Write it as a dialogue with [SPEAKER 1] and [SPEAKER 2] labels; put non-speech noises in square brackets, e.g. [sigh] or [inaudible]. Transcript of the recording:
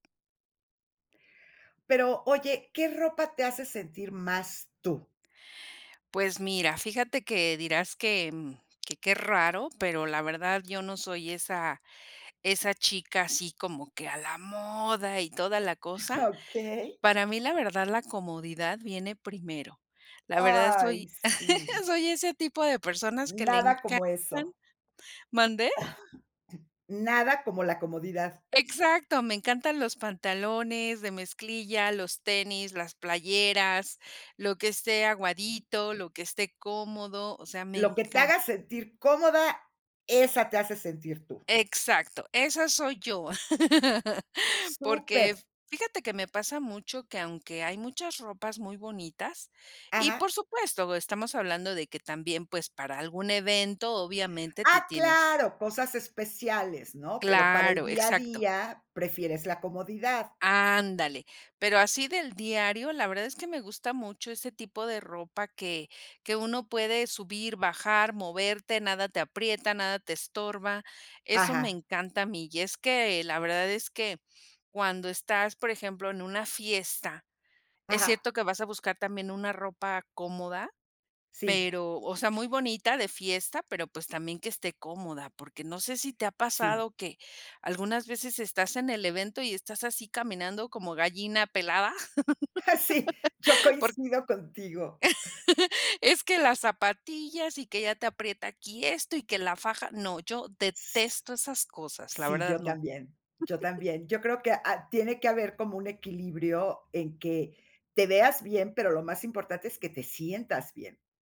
[SPEAKER 1] Pero oye, ¿qué ropa te hace sentir más tú?
[SPEAKER 2] Pues mira, fíjate que, dirás que que, qué raro, pero la verdad yo no soy esa esa chica así, como que a la moda y toda la cosa,
[SPEAKER 1] Ah, okey.
[SPEAKER 2] para mí, la verdad, la comodidad viene primero, la verdad
[SPEAKER 1] Ay,
[SPEAKER 2] soy,
[SPEAKER 1] sí.
[SPEAKER 2] [chuckles] soy ese tipo de personas que le
[SPEAKER 1] Nada como
[SPEAKER 2] encantan
[SPEAKER 1] eso.
[SPEAKER 2] ¿Mande?
[SPEAKER 1] [coughs] Nada como la comodidad.
[SPEAKER 2] Exacto, me encantan los pantalones de mezclilla, los tenis, las playeras, lo que esté aguadito, lo que esté cómodo, o sea, me
[SPEAKER 1] Lo que te
[SPEAKER 2] encan
[SPEAKER 1] haga sentir cómoda, esa te hace sentir tú.
[SPEAKER 2] Exacto, esa soy yo, [laughs] porque,
[SPEAKER 1] Súper.
[SPEAKER 2] fíjate que me pasa mucho que aunque hay muchas ropas muy bonitas, y
[SPEAKER 1] Ajá.
[SPEAKER 2] por supuesto, estamos hablando de que también, pues, para algún evento, obviamente, te
[SPEAKER 1] Ah,
[SPEAKER 2] tienes
[SPEAKER 1] claro, cosas especiales, ¿no?, pero para el
[SPEAKER 2] Claro,
[SPEAKER 1] día a
[SPEAKER 2] exacto.
[SPEAKER 1] día, prefieres la comodidad.
[SPEAKER 2] Ándale, pero así del diario, la verdad es que me gusta mucho ese tipo de ropa que que uno puede subir, bajar, moverte, nada te aprieta, nada te estorba, eso me
[SPEAKER 1] Ajá.
[SPEAKER 2] encanta a mí, y es que la verdad, es que, cuando estás, por ejemplo, en una fiesta, es
[SPEAKER 1] Aja.
[SPEAKER 2] cierto que vas a buscar también una ropa cómoda,
[SPEAKER 1] Sí.
[SPEAKER 2] pero o sea, muy bonita, de fiesta, pero pues también que esté cómoda, porque no sé si te ha
[SPEAKER 1] Sí.
[SPEAKER 2] pasado que algunas veces estás en el evento y estás así caminando como gallina pelada,
[SPEAKER 1] Ah, sí, yo
[SPEAKER 2] [laughs] por
[SPEAKER 1] coincido contigo.
[SPEAKER 2] [chuckles] es que las zapatillas, y que ya te aprieta aquí esto y que la faja no, yo detesto esas cosas, la
[SPEAKER 1] Sí,
[SPEAKER 2] verdad
[SPEAKER 1] yo
[SPEAKER 2] no.
[SPEAKER 1] también, yo
[SPEAKER 2] [chuckles]
[SPEAKER 1] también. Yo creo que, ah, tiene que haber como un equilibrio, en que, te veas bien, pero lo más importante es que te sientas bien.